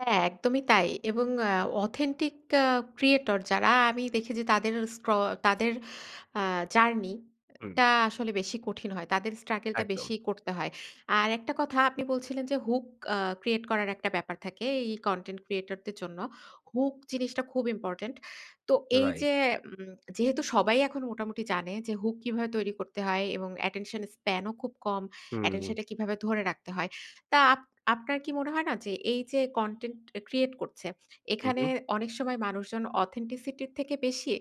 হ্যাঁ, একদমই তাই। এবং আ authentic আ creator যারা, আমি দেখেছি যে আ তাদের স্ক্র তাদের আ জার্নি আ হু। টা আসলে বেশি কঠিন হয়। তাদের struggle টা বেশি একদম। করতে হয়। আর একটা কথা আপনি বলছিলেন যে, hook আ create করার একটা ব্যাপার থাকে এই content creator দের জন্য। Hook জিনিসটা খুব ইম্পোর্টেন্ট। তো রাইট। এইযে উম যেহেতু সবাই এখন মোটামুটি জানে যে, hook কিভাবে তৈরি করতে হয় এবং attention span ও খুব কম। হু, Attention হু। টা কিভাবে ধরে রাখতে হয়। তা আপ আপনার কি মনে হয় না যে, এইযে content আ create করছে, হু, এখানে হু। অনেক সময় মানুষজন authenticity এর থেকে বেশি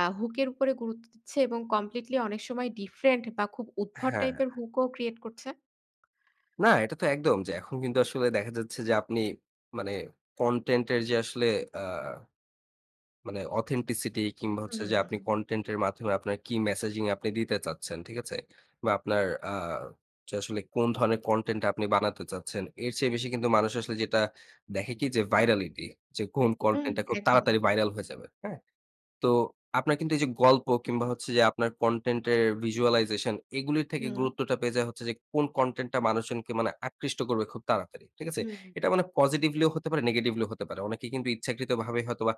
আ hook এর উপরে গুরুত্ব দিচ্ছে এবং completely অনেক সময় different বা খুব উদ্ভট হ্যাঁ। টাইপের hook ও create করছে? না, এটা তো একদম। যে এখন কিন্তু আসলে দেখা যাচ্ছে যে, আপনি মানে content এর যে আসলে আ মানে authenticity, কিংবা হু, হচ্ছে হু, যে, হু, আপনি হু। content এর মাধ্যমে আপনার কি messaging আপনি দিতে চাচ্ছেন, ঠিক আছে? বা আপনার আ যে আসলে কোন ধরনের content আপনি বানাতে চাচ্ছেন। এর চেয়ে বেশি কিন্তু মানুষ আসলে যেটা দেখে কি যে virality, যে কোন হু। content টা, খুব একদম। তাড়াতাড়ি viral হয়ে যাবে। হ্যাঁ? তো আপনার কিন্তু এইযে গল্প কিংবা হচ্ছে যে আপনার content এর visualization এগুলোর থেকে হু। গুরুত্বটা পেয়ে যায় হচ্ছে যে, কোন content টা মানুষজনকে মানে আকৃষ্ট করবে খুব তাড়াতাড়ি। ঠিক আছে? হু। এটা মানে positively ও হতে পারে, negetively ও হতে পারে। অনেকে কিন্তু ইচ্ছাকৃতভাবে হয়তোবা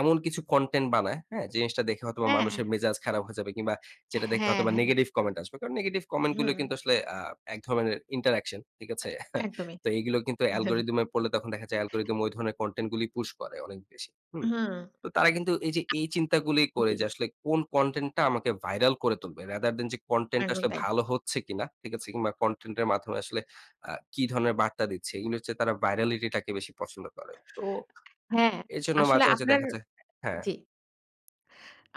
এমন কিছু content বানায়, হ্যাঁ? জিনিসটা দেখে হয়তোবা হ্যাঁ। মানুষের মেজাজ খারাপ হয়ে যাবে কিংবা যেটা দেখে হ্যাঁ, হয়তোবা হ্যাঁ। negative comment আসবে। কারণ negetive comment গুলো হু। কিন্তু আ আসলে এক ধরনের interaction, ঠিক আ আছে? একদমই। তো এগুলো কিন্তু algorythm এ পড়লে তখন দেখা যায়, algorithm ঐ ধরনের content গুলো push করে অনেক বেশি। হুম? হুম। তো তারা কিন্তু এইযে এই চিন্তাগুলি করে জ্বী। যে, আসলে কোন content টা আমাকে viral করে তুলবে। Rather than যে, content টা একদম আসলে তাই। ভালো হচ্ছে কিনা, ঠিক আছে? কিংবা content এর মাধ্যমে আসলে আ কি ধরনের বার্তা দিচ্ছে। এগুলো হচ্ছে, তারা virality টাকে বেশি পছন্দ করে। তো হ্যাঁ, এজন্য আসলে মাঝে, মাঝে আপনার দেখা যায় হ্যাঁ। জ্বী।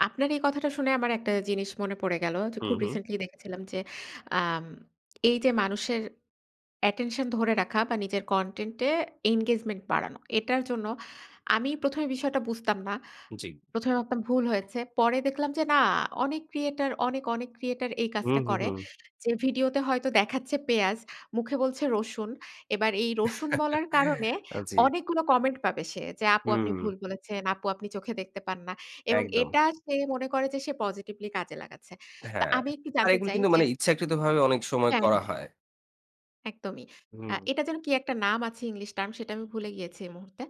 আপনার এই কথাটা শুনে, আমার অ্যা একটা জিনিস মনে পড়ে গেল। যে হু, খুব হু। recently দেখেছিলাম যে, আম এইযে মানুষের attention ধরে রাখা বা নিজের content এ engagement বাড়ানো, এটার জন্য আমি ১ম এ বিষয়টা বুঝতাম না। জ্বী। ১ম এ ভাবতাম ভুল হয়েছে। পরে দেখলাম যে, না অনেক creator অনেক, অনেক creator এই হু, কাজটা হু, করে। হু। যে ভিডিওতে হয়তো দেখাচ্ছে পেঁয়াজ। মুখে বলছে রসুন। এবার, এই রসুন বলার কারণে আ জ্বী। অনেকগুলো কমেন্ট পাবে সে, "যে আপু আপনি হুম। ভুল বলেছেন, আপু আপনি চোখে দেখতে পান না?" এবং একদম। এটা সে মনে করে যে, সে positively কাজে লাগাচ্ছে। তো হ্যাঁ। আমি একটু আর জানতে এগুলো চাই কিন্তু যে মানে ইচ্ছাকৃতভাবে অনেক সময় হ্যাঁ, করা হ্যাঁ, হয়। একদমই। আ হু। এটা যেন কি একটা নাম আছে, english term সেটা, আমি ভুলে গিয়েছি এই মুহূর্তে।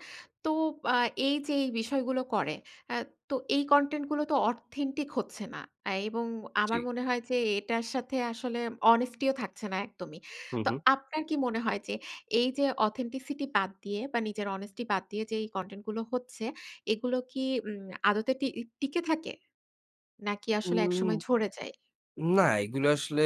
তো বা এইযে এই বিষয়গুলো করে। আ তো এই content গুলো তো authentic হচ্ছে না। এবং জ্বী। আমার মনে হয় যে, এটার সাথে আসলে honesty ও থাকছে না একদমই। হু, তো, হু। আপনার কি মনে হয় যে, এইযে authenticity বাদ দিয়ে বা নিজের honesty বাদ দিয়ে যে, এই content গুলো হচ্ছে, এগুলো কি উম আদতে টি টিকে থাকে? নাকি, উ আসলে একসময় ঝরে যায়? না, এগুলো আসলে